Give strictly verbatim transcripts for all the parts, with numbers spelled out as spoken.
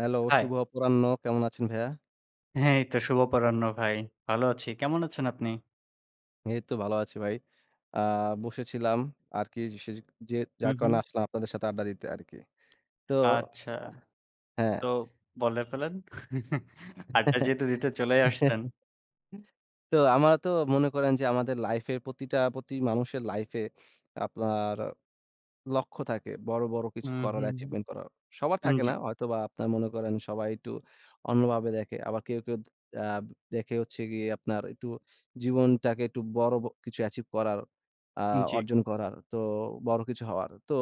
Hello hi. শুভ অপরাহ্ন। কেমন আছেন ভাইয়া? হ্যাঁ, এই তো শুভ অপরাহ্ন ভাই। ভালো আছি। কেমন আছেন আপনি? এইতো ভালো আছি ভাই। আ বসেছিলাম আরকি সে যে যার হুম, কারণে হুম। আসলাম আপনাদের সাথে আড্ডা দিতে আরকি। তো আচ্ছা। হ্যাঁ। তো বলে ফেলেন। আড্ডা যেহেতু দিতে চলেই আসছেন। তো আমার তো মনে করেন যে আমাদের লাইফে প্রতিটা প্রতি মানুষের লাইফে আপনার লক্ষ্য থাকে বড়, বড় কিছু হুম, করার, হুম, অ্যাচিভমেন্ট হুম। করার। সবার থাকে জি। না। হয়তোবা আপনারা মনে করেন সবাই একটু অন্যভাবে দেখে। আবার কেউ, কেউ আ দেখে হচ্ছে গিয়ে আপনার একটু জীবনটাকে একটু বড় কিছু অ্যাচিভ করার আ জি। অর্জন করার তো বড় কিছু হওয়ার। তো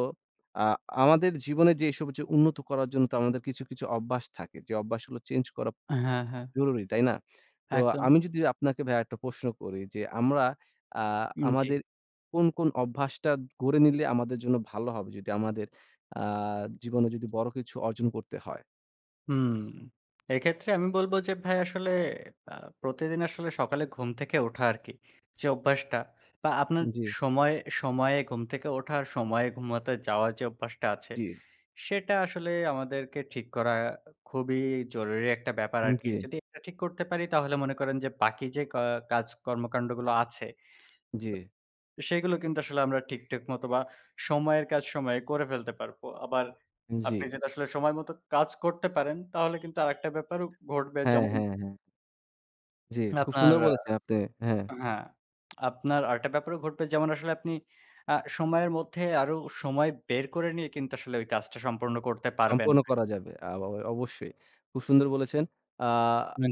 আ আমাদের জীবনে যেসব হচ্ছে উন্নত করার জন্য তো আমাদের কিছু, কিছু অভ্যাস থাকে। যে অভ্যাসগুলো চেঞ্জ করা হ্যাঁ, হ্যাঁ। জরুরি, তাই না? তো একদম। আমি যদি আপনাকে ভাইয়া একটা প্রশ্ন করি যে আমরা আ জি। আমাদের কোন, কোন অভ্যাসটা গড়ে নিলে আমাদের জন্য ভালো হবে যদি আমাদের আ জীবনে যদি বড় কিছু অর্জন করতে হয়। হুম, এক্ষেত্রে আমি বলব যে ভাই আসলে এ্যাঁ প্রতিদিন আসলে সকালে ঘুম থেকে ওঠা আরকি। যে অভ্যাসটা বা আপনার জ্বী। সময়ে, সময়ে, ঘুম থেকে ওঠার সময়ে ঘুমাতে যাওয়ার যে অভ্যাসটা আছে, জি। সেটা আসলে আমাদেরকে ঠিক করা খুবই জরুরি একটা ব্যাপার হুম, আরকি। জ্বী। যদি এটা ঠিক করতে পারি তাহলে মনে করেন যে বাকি যে ক কাজ কর্মকান্ডগুলো আছে, জী। সেগুলো কিন্তু আসলে আমরা ঠিক-ঠাক মতো বা সময়ের কাজ সময়ে করে ফেলতে পারবো। আবার জ্বি। আপনি যদি আসলে সময় মতো কাজ করতে পারেন, তাহলে কিন্তু আরেকটা ব্যাপারও ঘটবে হ্যাঁ, যেমন হ্যাঁ, হ্যাঁ। জ্বি, খুব আপনার সুন্দর আ বলেছেন আপনি। হ্যাঁ। এ্যাঁ হ্যাঁ। আপনার আরেকটা ব্যাপারও ঘটবে যেমন, আসলে আপনি এ্যাঁ সময়ের মধ্যে আরও সময় বের করে নিয়ে কিন্তু আসলে ওই কাজটা সম্পূর্ণ করতে পারবেন না সম্পন্ন ভাই। করা যাবে। আবা অবশ্যই। খুব সুন্দর বলেছেন, আ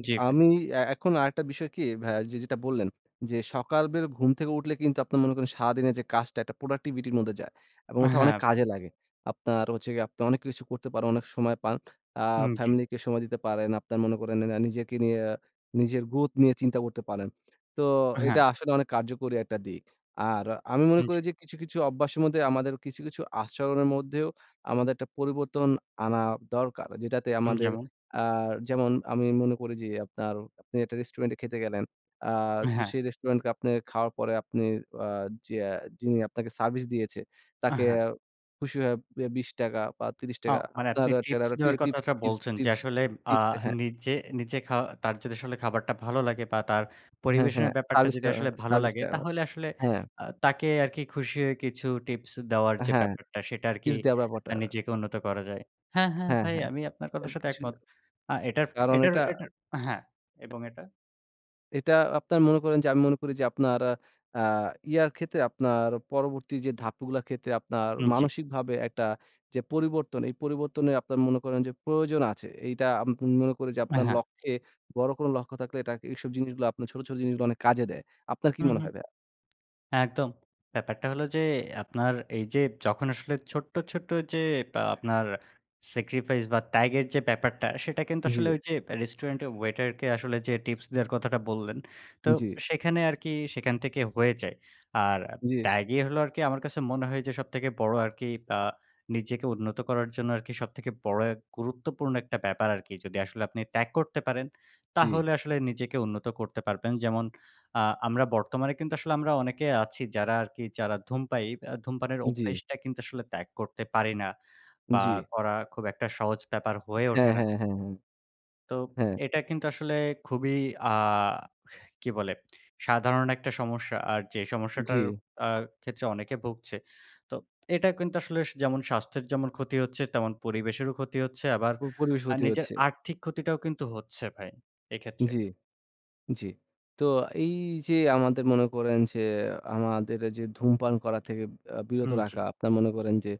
জ্বি ভাই। আমি এ্যাঁ এখন আরেকটা বিষয় কি ভাইয়া যে যেটা বললেন, যে সকালবের ঘুম থেকে উঠলে কিন্তু আপনার মনে করেন সারাদিনের যে কাজটা একটা প্রোডাক্টিভিটির মধ্যে যায়। এবং ওঠা অনেক হ্যাঁ ভাই। কাজে লাগে। আপনার হচ্ছে গিয়ে আপনার অনেক কিছু করতে পারেন, অনেক সময় পান। আ হু, জ্বী। ফ্যামিলি কে সময় দিতে পারেন, আপনার মনে করেন না নিজেকে নিয়ে, নিজের গ্রথ নিয়ে চিন্তা করতে পারেন। তো এটা হ্যাঁ। আসলে অনেক কার্যকরী একটা দিক। আর আমি মনে উ জি। করি যে কিছু, কিছু, অব্বাশের মদ্দে আমাদের কিছু, কিছু, আচরণের মধ্যেও আমাদের একটা পরিবর্তন আনা দরকার। যেটাতে হু, আমাদের যেমন? আ যেমন আমি মনে করি যে আপনার আপনি একটা রেস্টুরেন্টে খেতে গেলেন, আ হ্যাঁ। সেই রেস্টুরেন্টকে আপনে খাওয়ার পরে আপনি আ যেয়া যিনি আপনাকে সার্ভিস দিয়েছে, আ তাকে হ্যাঁ। খুশি হয়ে বে বিশ টাকা বা ত্রিশ টাকা এ্যাঁও মানে আপনার আপনি টিপস টেরারর টি দেওয়ার টিপস কথাটা টিপস বলছেন, যে টিপস আসলে আ টিপস হ্যাঁ। নিজে নিজে, খাওয়া তার যদি আসলে খাবারটা ভালো লাগে বা তার হ্যাঁ, পরিবেশনের হ্যাঁ ব্যাপারটা সার্ভিস যদি টা আসলে ভালো সার্ভিস লাগে টা তাহলে আসলে হ্যাঁ। আ তাকে আর কি খুশি হয়ে কিছু টিপস দেওয়ার যে হ্যাঁ, ব্যাপারটা সেটা আরকি টিপস দেওয়ার ব্যাপারটা। নিজেকে উন্নত করা যায়। হ্যাঁ, হ্যাঁ হ্যাঁ, ভাই হ্যাঁ আমি আপনার কথার এটা সাথে কিছু না। একমত। আ এটার কারণ এটার এটা এটার হ্যাঁ এবং এটা এটা আপনার মনে করেন যে আমি মনে করি যে আপনার আ ইয়ার ক্ষেত্রে, আপনার পরবর্তী যে ধাপগুলার ক্ষেত্রে আপনার উ জ্বী। মানসিকভাবে একটা যে পরিবর্তন। এই পরিবর্তনে আপনার মনে করেন যে প্রয়োজন আছে। এইটা আমি মনে করি যে অ্যা আপনার হ্যাঁ। লক্ষ্যে, বড় কোন লক্ষ্য থাকলে এটা এইসব জিনিসগুলা ছোট, ছোট জিনিসগুলা অনেক কাজে দেয়। আপনার কি হু, মনে হু। হয় ভাইয়া? একদম। ব্যাপারটা হলো যে আপনার এই যে যখন আসলে ছোট্ট, ছোট্ট যে আপনার স্যাক্রিফাইস, বা ত্যাগের যে ব্যাপারটা। সেটা কিন্তু আসলে জ্বী। ওই যে রেস্টুরেন্টে ওয়েটার কে আসলে যে টিপস দেয়ার কথাটা বললেন, তো জ্বী। সেখানে আরকি সেখান থেকে হয়ে যায়। আর জ্বী। ত্যাগই হলো আরকি আমার কাছে মনে হয় যে সবথেকে বড় আরকি। আ নিজেকে উন্নত করার জন্য আরকি সবথেকে বড় গুরুত্বপূর্ণ একটা ব্যাপার আরকি। যদি আসলে আপনি ত্যাগ করতে পারেন, জ্বী। তাহলে আসলে নিজেকে উন্নত করতে পারবেন। যেমন আ আমরা বর্তমানে কিন্তু আসলে আমরা অনেকে আছি যারা আরকি যারা ধূম পায়ী আ ধূমপানের জ্বী। অভ্যেসটা কিন্তু আসলে ত্যাগ করতে পারি না। বা জ্বী। করা খুব একটা সহজ ব্যাপার হয়ে ওঠে হ্যাঁ, না। হ্যাঁ, হ্যাঁ, হ্যাঁ। তো হ্যাঁ। এটা কিন্তু আসলে খুবই আ কি বলে সাধারণ একটা সমস্যা। আর যে সমস্যাটার জ্বী। আ ক্ষেত্রে অনেকে ভুগছে। তো এটা কিন্তু আসলে যেমন স্বাস্থ্যের যেমন ক্ষতি হচ্ছে, তেমন পরিবেশেরও ক্ষতি হচ্ছে। আবার পরিবেশের ক্ষতি নিজের হচ্ছে। আর্থিক ক্ষতিটাও কিন্তু হচ্ছে ভাই এক্ষেত্রে। জ্বী, জ্বী। তো এই যে আমাদের মনে করেন যে আমাদের যে ধূমপান করা থেকে আ বিরত হুম, জ্বী। রাখা। আপনার মনে করেন যে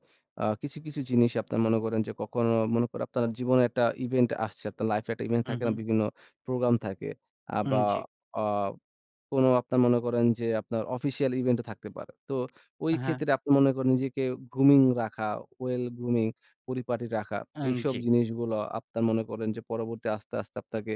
আ কিছু, কিছু জিনিস আপনার মনে করেন যে ককনো মনে করেন আপনার জীবনে একটা ইভেন্ট আসছে। আপনার লাইফ এ একটা ইভেন্ট হু, থাকে না? হু। বিভিন্ন প্রোগ্রাম থাকে। আ হুম, বা জ্বী। আ কোন আপনার মনে করেন যে আপনার অফিসিয়াল ইভেন্টও থাকতে পারে। তো ওই আ হ্যাঁ। ক্ষেত্রে আপনি মনে করেন নিজেকে গ্রুমিং রাখা, ওয়েল গ্রুমিং, পরিপাটি রাখা। অ্যা এইসব জ্বী। জিনিসগুলো আপনার মনে করেন যে, পরবর্তী আস্তে, আস্তে আপনাকে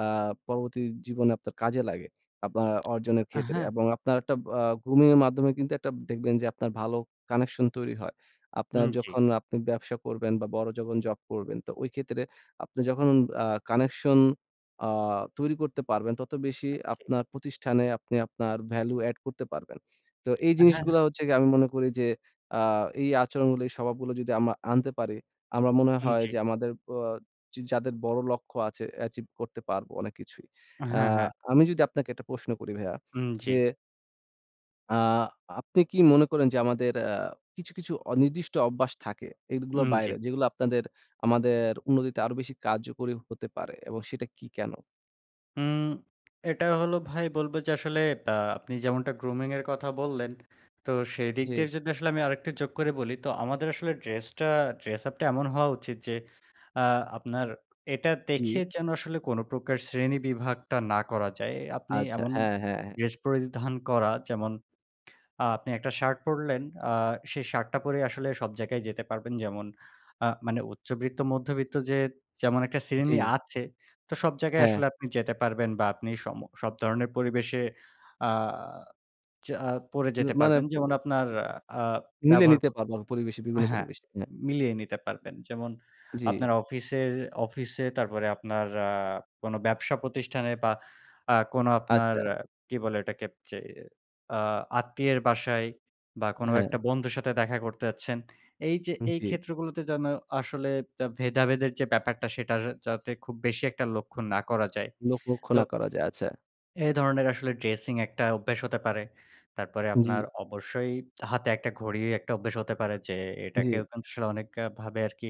আ পরবর্তী জীবনে আপনার কাজে লাগে। আপনার অর্জনের আ ক্ষেত্রে হ্যাঁ। এবং আপনার একটা আ গ্রুমিং এর মাধ্যমে কিন্তু একটা দেখবেন যে আপনার ভালো কানেকশন তৈরি হয়। আপনার উম জ্বী। যখন আপনি ব্যবসা করবেন, বা বড় যখন জব করবেন। তো ওই ক্ষেত্রে আপনি যখন আ কানেকশন আ তৈরি করতে পারবেন তত বেশি আ জ্বী। আপনার প্রতিষ্ঠানে আপনি আপনার ভ্যালু এড করতে পারবেন। তো এই হ্যাঁ, হ্যাঁ। জিনিসগুলা হচ্ছে গিয়ে আমি মনে করি যে আ এই আচরণগুলো এই স্বভাবগুলো যদি আমরা আনতে পারি, আমার মনে উম হয় জ্বী। যে আমাদের অ যাদের বড় লক্ষ্য আছে অ্যাচিভ করতে পারবো অনেক কিছুই। হ্যাঁ, হ্যাঁ। আমি যদি আপনাকে একটা প্রশ্ন করি ভাইয়া উম জ্বী। যে আ আপনি কি মনে করেন যে আমাদের অ্যা কিছু, কিছু অনির্দিষ্ট অভ্যাস থাকে, এদগুলার উম জি। বাইরে, যেগুলা আপনাদের আমাদের উন্নতিতে আরো বেশি কার্যকরী হতে পারে? এবং সেটা কি? কেন? উম এটা হলো ভাই বলবো যে আসলে ব্যা আপনি যেমনটা grooming এর কথা বললেন, তো সেইদিক দিয়ে জি। জন্য আসলে আমি আরেকটা যোগ করে বলি। তো আমাদের আসলে ড্রেসটা ড্রেস-আপটা এমন হওয়া উচিত যে আ আপনার এটা দেখে জি। যেন আসলে কোনো প্রকার শ্রেণী বিভাগটা না করা যায়। এ আপনি আচ্ছা। এমন হ্যাঁ, হ্যাঁ, হ্যাঁ। ড্রেস পরিধান করা, যেমন আ আপনি একটা শার্ট পরলেন, আ সেই শার্টটা পরেই আসলে সব জায়গায় যেতে পারবেন। যেমন আ মানে উচ্চব্রিত্ত, মধ্যবিত্ত যে যেমন একটা শ্রেণী জি। আছে, তো সব জায়গায় হ্যাঁ। আসলে আপনি যেটে পারবেন বা আপনি সম সব ধরনের পরিবেশে আ যা পড়ে ইয়ে যেতে মানে পারবেন। প যেমন আপনার প আ আ মিলে ব্যবহার ক নিতে পারবে পরিবেশে আ বিভিন্ন হ্যাঁ। পরিবেশে। হ্যাঁ। মিলিয়ে নিতে পারবেন। যেমন জি। আপনার অফিসের অফিসে, তারপরে আপনার আ কোনো ব্যবসা প্রতিষ্ঠানে বা আ কোনো আপনার আচ্ছা। অ্যা কি বলে ওটাকে? যে আ আত্মীয়ের বাসায় বা অ্যা কোনো হ্যাঁ। একটা বন্ধুর সাথে দেখা করতে আচ্ছেন। এইযে জি। এইক্ষেত্রগুলোতে যেন আসলে তা ভেদাভেদের যে ব্যাপারটা, সেটার যাতে খুব বেশি একটা লক্ষণ না করা যায়। লোক লক্ষ তো না করা যায়। আচ্ছা। এ ধরনের আসলে ড্রেসিং একটা অভ্যাস হতে পারে। তারপরে আপনার জি। অবশ্যই হাতে একটা ঘড়ি একটা অভ্যাস হতে পারে যে এটাকেও জি। কিন্তু আসলে অনেকভাবে আরকি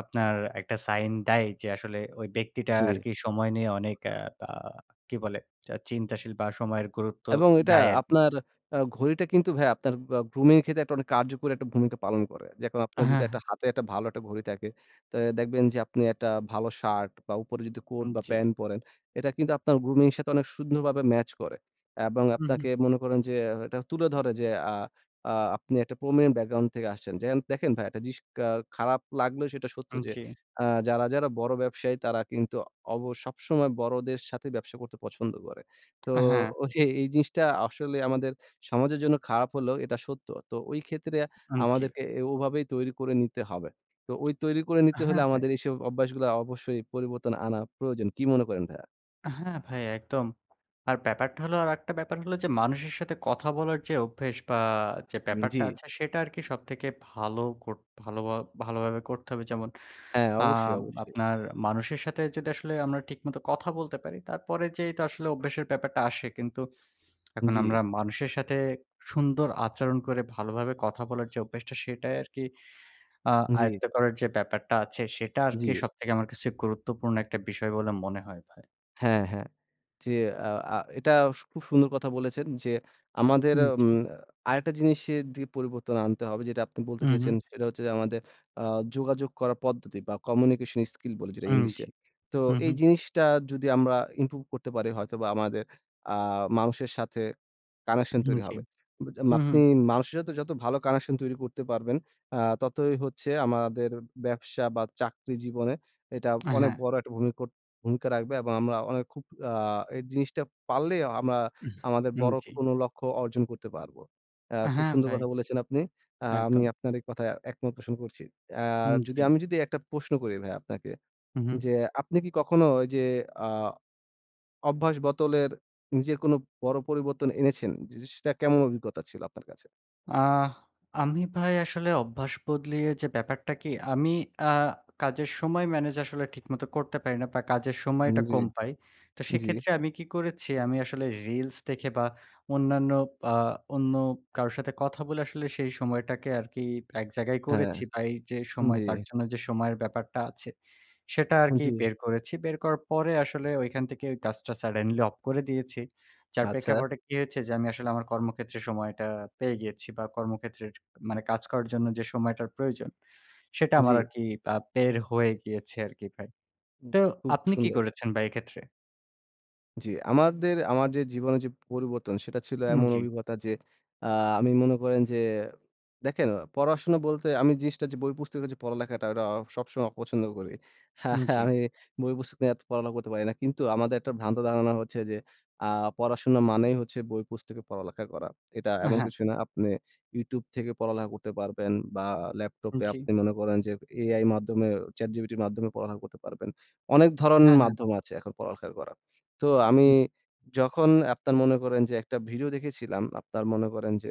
আপনার একটা সাইন দেয়, যে আসলে ওই ব্যক্তিটা জি। আরকি সময় নিয়ে অনেক আ বা কি বলে চিন্তাশীল বা সময়ের গুরুত্ব এবং এটা দেয় আরকি। আপনার আ ঘড়িটা কিন্তু ভাই আপনার গ্রুমিং এর ক্ষেত্রে কার্যকরী ভূমিকা পালন করে। যে আপনার হ্যাঁ, যদি হ্যাঁ। হাতে একটা ভালো একটা ঘড়ি থাকে তা দেখবেন যে আপনি একটা ভালো শার্ট বা উপরে যদি কোট হুম, বা জি। প্যান্ট পরেন, এটা কিন্তু আপনার গ্রুমিং এর সাথে অনেক সুন্দরভাবে ম্যাচ করে। এবং হুম, হুম। আপনাকে মনে করেন যে এটা তুলে ধরে যে আ আ আপনি একটা প্রমিনেন্ট ব্যাকগ্রাউন্ড থেকে আসছেন। দেখেন ভাই খারাপ লাগলে সেটা সত্য হুম, যে জি। আ যারা, যারা বড় ব্যবসায়ী তারা কিন্তু সবসময় বড়দের সাথে ব্যবসা করতে পছন্দ করে। তো আ হ্যাঁ। এই জিনিসটা আসলে আমাদের সমাজের জন্য খারাপ হলেও এটা সত্য। তো ঐ ক্ষেত্রে হুম, জি। আমাদেরকে ওভাবেই তৈরি করে নিতে হবে। তো ঐ তৈরি করে নিতে হলে হ্যাঁ, ভাই। আমাদের এইসব অভ্যাসগুলো অবশ্যই পরিবর্তন আনা প্রয়োজন। কী মনে করেন ভাইয়া? হ্যাঁ, ভাই একদম। আর ব্যাপারটা হলো আরেকটা ব্যাপার হলো যে মানুষের সাথে কথা বলার যে অভ্যাস বা যে ব্যাপারটা জি। আছে সেটা আরকি সবথেকে ভালো করতে ভাল ভালোভাবে করতে হবে। যেমন হ্যাঁ। অবশ্যই, অবশ্যই। আপনার মানুষের সাথে যদি আসলে আমরা ঠিক মতো কথা বলতে পারি। তারপরে যে আসলে অভ্যাসের ব্যাপারটা আসে। কিন্তু এখন জি। আমরা মানুষের সাথে সুন্দর আচরণ করে ভালোভাবে কথা বলার যে অভ্যাসটা। সেটাই আরকি আ জি। আয়ত্ত করার যে ব্যাপারটা আছে সেটা আরকি জি। সবথেকে আমার কাছে গুরুত্বপূর্ণ একটা বিষয় বলে মনে হয় ভাই। হ্যাঁ, হ্যাঁ। জি, আ আ এটা সু খুব সুন্দর কথা বলেছেন যে আমাদের উম আচ্ছা। আরেকটা জিনিসের দি পরিবর্তন আনতে হবে যেটা আপনি বলতে উম চেয়েছেন হুম। সেটা হচ্ছে যে, আমাদের আ যোগাযোগ করার পদ্ধতি বা কমিউনিকেশন স্কিল বলি যেটা উম জি। ইংলিশে। তো হুম, হু। এই জিনিসটা যদি আমরা ইমপ্রুভ করতে পারি হয়তো বা আমাদের আ মানুষের সাথে কানেকশন হুম তৈরি জি। হবে। হুম, হুম। আপনি মানুষের সাথে যত ভালো কানেকশন তৈরি করতে পারবেন আ ততই হচ্ছে আমাদের ব্যবসা বা চাকরি জীবনে এটা আ অনেক হ্যাঁ। বড় একটা ভূমি কোট ভূমিকা রাখবে এবং আমরা অনেক খুব আ এই জিনিসটা পারলে আমরা আমাদের হুম, বড় জি। কোনো লক্ষ্য অর্জন করতে পারবো। অ্যা খুব হ্যাঁ, সুন্দর ভাই। কথা বলেছেন আপনি। আ আমি একদম। আপনার এই কথায় একমত প্রশন করছি। আর হুম, যদি জি। আমি যদি একটা প্রশ্ন করি ভাইয়া আপনাকে হুম, হুম। যে, আপনি কি কখনো ঐ যে আ অভ্যাস বোদলের নিজের কোনো বড় পরিবর্তন এনেছেন? জিনিসটা কেমন অভিজ্ঞতা ছিল আপনার কাছে? আ আমি ভাই আসলে অভ্যাস বদলিয়ে যে ব্যাপারটা কি আমি আ কাজের সময় ম্যানেজ আসলে ঠিকমতো করতে পারি না, বা কাজের হুম, সময়টা জি। কম পাই। তো জি। সেক্ষেত্রে আমি কি করেছি, আমি আসলে রিলস দেখে বা অন্যান্য আ অন্য কারোর সাথে কথা বলে আসলে সেই সময়টাকে আরকি এক জায়গায় হ্যাঁ, করেছি, বা এই যে সময় তার জি। জন্য যে সময়ের ব্যাপারটা আছে, সেটা আরকি জি। বের করেছি। বের করার পরে আসলে ঐখান থেকে কাজটা সাডেনলি অফ করে দিয়েছি। যার আচ্ছা। প্রেক্ষাপটে কি হয়েছে, যে আমি আসলে আমার কর্মক্ষেত্রে সময়টা পেয়ে গিয়েছি বা কর্মক্ষেত্রের, মানে কাজ করার জন্য যে সময়টার প্রয়োজন, সেটা আমার জি। আরকি আ বের হয়ে গিয়েছে আরকি ভাই। উ, তো খুব আপনি কি সুন্দর। করেছেন ভাই এক্ষেত্রে? জি, আমাদের আমার যে জীবনের যে পরিবর্তন, সেটা ছিল উম এমন জি। অভিগতা যে আ আমি মনে করেন যে দেখেন পড়াশোনা বলতে আমি জিনিসটা যে বই পুস্তক এর যে পড়ালেখাটা, এটা সবসময় অপছন্দ করি। উম জি। আমি বই পুস্তক নিয়ে এত পড়ালেখা করতে পারি না। কিন্তু আমাদের একটা ভ্রান্ত ধারণা হচ্ছে যে আ পড়াশোনা মানেই হচ্ছে বই পুস্তকে পড়ালেখা করা। এটা অ্যা এমন হ্যাঁ। কিছুই না। আপনে YouTube থেকে পড়ালেখা করতে পারবেন, বা উম ল্যাপটপে জি। আপনি মনে করেন যে AI মাধ্যমে ChatGPT -র মাধ্যমে পড়ালেখা করতে পারবেন। অনেক ধরণ হ্যাঁ, হ্যাঁ। মাধ্যম আছে এখন পড়ালেখা করা। তো আমি হু। যখন আপনার মনে করেন যে একটা ভিডিও দেখেছিলাম, আপনার মনে করেন যে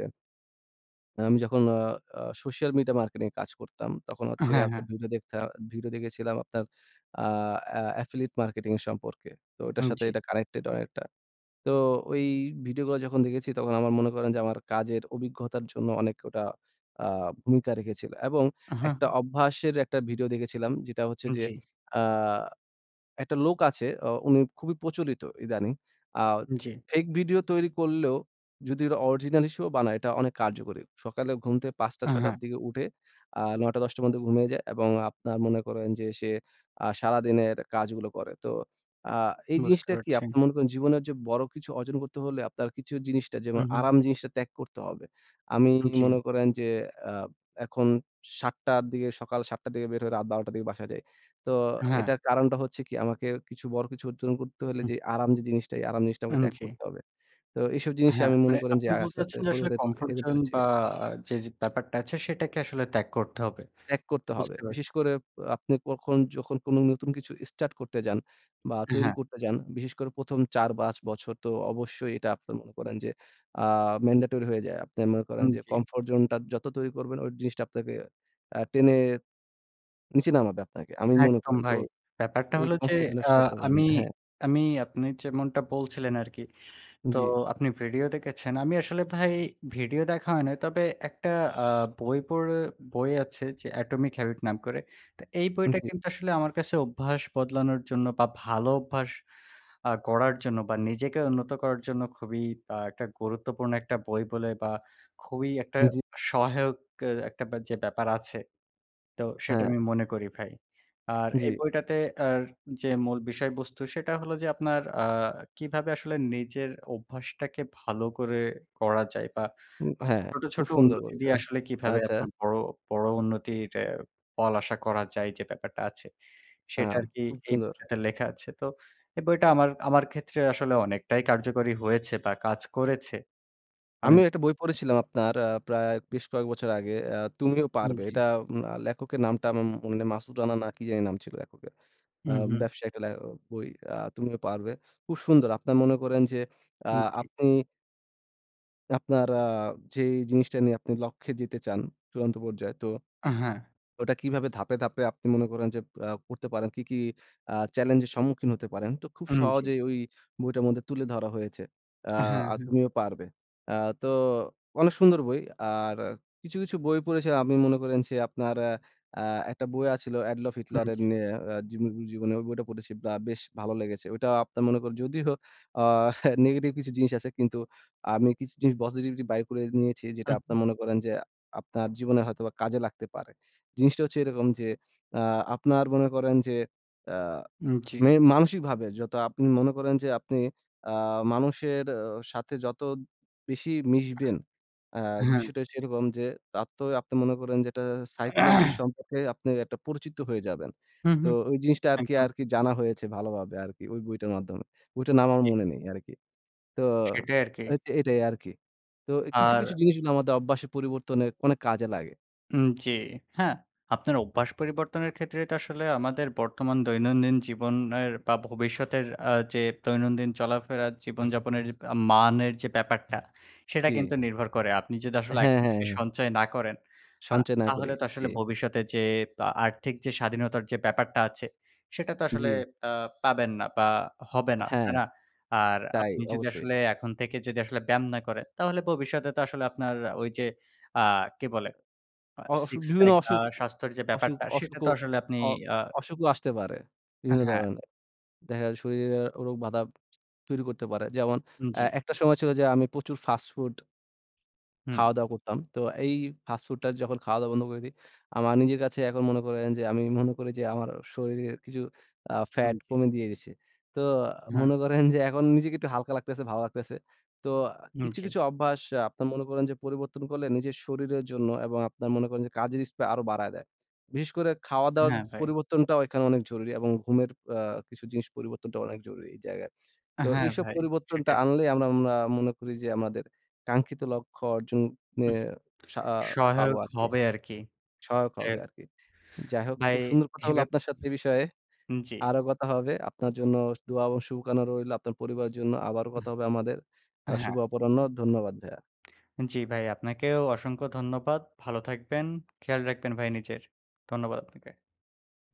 আমি যখন আ আ social media marketing এ কাজ করতাম তখন হচ্ছে গিয়ে হ্যাঁ, হ্যাঁ। আপনার ভিডিও দেখতা ভিডিও দেখেছিলাম আপনার আ অ্যা affiliate marketing এর সম্পর্কে। তো ওইটার উম সাথে জি। কানেক্টেড অনেকটা। তো ওই ভিডিওগুলো যখন দেখেছি, তখন আমার মনে করেন যে আমার কাজের অভিজ্ঞতার জন্য অনেক ওটা আ ভূমিকা রেখেছিল। এবং আ হু, হু। একটা অভ্যাসের একটা ভিডিও দেখেছিলাম যেটা হচ্ছে উম যে জি। আ একটা লোক আছে, অ উনি খুবই প্রচলিত ইদানিং। আ উম জি। ফেক ভিডিও তৈরি করলেও যদি ওর অরিজিনাল হিসেবেও বানায়, এটা অনেক কার্যকরী। সকালে ঘুমতে পাচটা আ ছয়টার হ্যাঁ। দিকে উঠে আ নয়টা দশটার মধ্যে ঘুমিয়ে যায় এবং আপনার মনে করেন যে সে আ সারাদিনের কাজগুলো করে। তো আ এই বুঝতে জিনিসটা কি? পারছি। আপনে মনে করেন জীবনের যে বড় কিছু অর্জন করতে হলে আপনার কিছু জিনিসটা হু, যেমন হু। আরাম জিনিসটা ত্যাগ করতে হবে। আমি জি। মনে করেন যে আ এখন সাতটার দিকে সকাল সাতটার দিকে বের হয়ে রাত বারোটার দিকে বাসায় যাই। তো হ্যাঁ। এটার কারণটা হচ্ছে কি? আমাকে কিছু বড় কিছু অজ্জন করতে হইলে হু। যে আরাম যে জিনিসটা, এই আরাম জিনিসটা আমাকে উম ত্যাগ জি। করতে হবে। তো এসব জিনিসে হ্যাঁ, আমি মানে মনে করেন যে আপনি আ বলতে আস্তে, আস্তে চাচ্ছেন যে পরি আসলে comfort [unintelligible] zone পেরেছি। বা যেয ব্যাপারটা আছে সেটাকে আসলে ত্যাগ করতে হবে। ত্যাগ করতে হবে। বুঝতে বিশেষ পারছি। করে অ্যা আপনি কখন যখন কোনো নতুন কিছু এস্টাট করতে যান, বা এ তৈরি হ্যাঁ। করতে যান, বিশেষ করে প্রথম চার, বাচ বছর তো অবশ্যই এটা আপনে মনে করেন যে আ mandatory হয়ে যায়। আপনে মনে করেন উম যে জি। comfort zone টা যত তৈরি করবেন, ওই জিনিসটা আপনাকে অ্যা টেনে নিচে নামাবে আপনাকে আমি মনে একদম করি। তো ভাই। ব্যাপারটা এই হলো যে কমফোর্ট জোনে অ্যা আমি [unintelligible] হ্যাঁ। আমি আপনি যেমনটা বলছিলেন আরকি। তো জি। আপনি ভিডিও দেখেছেন। আমি আসলে ভাই ভিডিও দেখা হয় নাই। তবে একটা আ বই পড়ে বই আছে যে Atomin Habit নাম করে। তা এই উম বইটা জি। কিন্তু আসলে আমার কাছে অভ্যাস বদলানোর জন্য বা ভালো অভ্যাস আ গড়ার জন্য বা নিজেকে উন্নত করার জন্য খুবই আ একটা গুরুত্বপূর্ণ একটা বই বলে বা খুবই একটা উম জি। সহায়ক এ একটা যে ব্যাপার আছে, তো সেটা হ্যাঁ। আমি মনে করি ভাই। আর এই জি। বইটাতে আর যে মূল বিষয়বস্তু সেটা হলো যে আপনার আ কিভাবে আসলে নিজের ওভ্যাসটাকে ভালো করে গড়া যায়, বা উম হ্যাঁ, ছোট, খুব ছোট সুন্দর উন্নতি বলছে। দিয়ে আসলে কিভাবে আচ্ছা। আপনার বড়, বড় উন্নতির অ্যা ফল আশা করা যায় যে ব্যাপারটা আছে, আ সেটা আরকি খুব এই সুন্দর। বইটাতে লেখা আছে। তো এই বইটা আমার আমার ক্ষেত্রে আসলে অনেকটাই কার্যকরী হয়েছে বা কাজ করেছে। আমি আমিও একটা বই পড়েছিলাম আপনার আ প্রায় বেশ কয়েক বছর আগে। অ্যা "তুমিও উম পারবে।" জি। এটা আ লেখকের নামটা আমার মনে নে মাসুদ রানা, না কি জানি নাম ছিল লেখকের। হু, অ্যা হু। ব্যবসায়ীর টালে বই আ তুমিও পারবে। খুব সুন্দর, আপনারা মনে করেন যে আ উম জি। আপনি আপনারা আ যে জিনিসটা নিয়ে আপনি লক্ষ্যে যেতে চান, চূড়ান্ত পর্যায়ে, তো আ হ্যাঁ। ওটা কিভাবে ধাপে, ধাপে আপনি মনে করেন যে আ পড়তে পারেন, কি, কি আ চ্যালেঞ্জের সম্মুখীন হতে পারেন, তো খুব উম জি। সহজেই ওই বইটার মধ্যে তুলে ধরা হয়েছে। আ হ্যাঁ, "আর হ্যাঁ। তুমিও পারবে"। আ তো অনেক সুন্দর বই। আর কিছু, কিছু বই পড়েছে, আপনি মনে করেন যে আপনার আ একটা বই আছিল এডলফ উম হিটলারের জি। নিয়ে আ জীব জীবনে, ওই বইটা পড়েছি বা বেশ ভালো লেগেছে। ওটা আপনার মনে করেন, যদিও আ নেগেটিভ কিছু জিনিস আছে, কিন্তু আমি কিছু জিনিস পজিটিভিটি বাইর করে নিয়েছি, যেটা হু, হু। আপনার মনে করেন যে আপনার জীবনে হয়তোবা কাজে লাগতে পারে। জিনিসটা হচ্ছে এরকম যে, আ আপনার মনে করেন যে আ উম জি। মেনে মানসিকভাবে যত আপনি মনে করেন যে আপনি আ মানুষের অ সাথে যত বেশি মিশবেন, আ হ্যাঁ। বিষয়টা সেরকম যে, তার তো আপনি মনে করেন যে এটা সাইকোলজি সম্পর্কে আপনি একটা পরিচিত হয়ে যাবেন। হুম, তো হুম। ওই জিনিসটা আরকি, একদম। আরকি জানা হয়েছে ভালোভাবে আরকি ওই বইটার মাধ্যমে। বইটার নাম আমার জি। মনে নেই আরকি। তো সেটাই আরকি। এতে এটাই আরকি। তো কিছু, আর কিছু জিনিসগুলো আমাদের অভ্যাস পরিবর্তনে অনেক কাজে লাগে। উম জি। হ্যাঁ, আপনার অভ্যাস পরিবর্তনের ক্ষেত্রে তো আসলে আমাদের বর্তমান দৈনন্দিন জীবনের বা ভবিষ্যতের আ যে দৈনন্দিন চলাফেরার জীবনযাপনের মানের যে ব্যাপারটা, সেটা জি। কিন্তু নির্ভর করে। আপনি যদি আসলে হ্যাঁ, এখন হ্যাঁ, থেকে হ্যাঁ। সঞ্চয় না করেন, আ সঞ্চয় না করি। তাহলে তো জি। আসলে ভবিষ্যতে যেয়ে আর্থিক যে স্বাধীনতার যে ব্যাপারটা আছে, সেটা তো আসলে জি। আ পাবেন না বা হবে না। হ্যাঁ। তাই না? আর তাই আপনি যদি অবশ্যই। আসলে এখন থেকে যদি আসলে ব্যায়াম না করেন, তাহলে ভবিষ্যতে তো আসলে আপনার ওই যে আ কি বলে? আ অ অসুখ সিক্স বিভিন্ন প্যাক বা অসুখ স্বাস্থ্যের যে অসুখ ব্যাপারটা, সেটা তো অসুখও আসলে আপনি অ আ অসুখও আসতে পারে আ বিভিন্ন হ্যাঁ। ধরনের। দেখা যায়, শরীরে রোগ বাদা তৈরি করতে পারে। যেমন, আ জি। একটা সময় ছিল যে, আমি প্রচুর ফাস্টফুড হু। খাওয়া-দাওয়া করতাম। তো এই ফাস্টফুড টা যখন খাওয়া-দাওয়া বন্ধ করে দিই, আমার নিজের কাছে এখন মনে করেন যে, আমি মনে করি যে আমার শরীরের কিছু আ হুম ফ্যাট জি। কমে দিয়ে গেছে। তো হ্যাঁ মনে করেন যে, এখন নিজেকে একটু হালকা লাগতেছে, ভালো লাগতেছে। তো আ হুম, কিছু, জি। কিছু অভ্যাস আ আপনার মনে করেন যে, পরিবর্তন করলে নিজের শরীরের জন্য এবং আপনার মনে করেন যে, কাজের স্পৃহা আরও বাড়ায় দেয়। বিশেষ করে খাওয়া-দাওয়ার হ্যাঁ, ভাই। পরিবর্তনটাও এখানে অনেক জরুরি এবং ঘুমের আ কিছু জিনিস পরিবর্তনটা অনেক জরুরি এই জায়গায়। তো হ্যাঁ, এইসব ভাই। পরিবর্তনটা সেটাই। আনলেই আমরা মনা মনে করি যে, আমাদের কাঙ্ক্ষিত লক্ষ্য অর্জন উহ ন্যায়ে সা পাবো সহায়ক আরকি। হবে আরকি। সহায়ক যাই হবে হোক। আরকি। যাই হোক, ভাই খুব সুন্দর কথা এ হলো বাপ আপনার সাথে। এই বিষয়ে হুম, জি। আরো কথা হবে। আপনার জন্য দোয়া এবং সুবকানা রইলো, আপনার পরিবারের জন্য। আবার উহ কথা হবে আমাদের। আ শুভ হ্যাঁ। অপরাহ্ন। ধন্যবাদ ভায়া। জি ভাই, আপনাকেও অসংখ্য ধন্যবাদ। ভালো থাকবেন। খেয়াল রাখবেন ভাই, নিজের। ধন্যবাদ আপনাকে।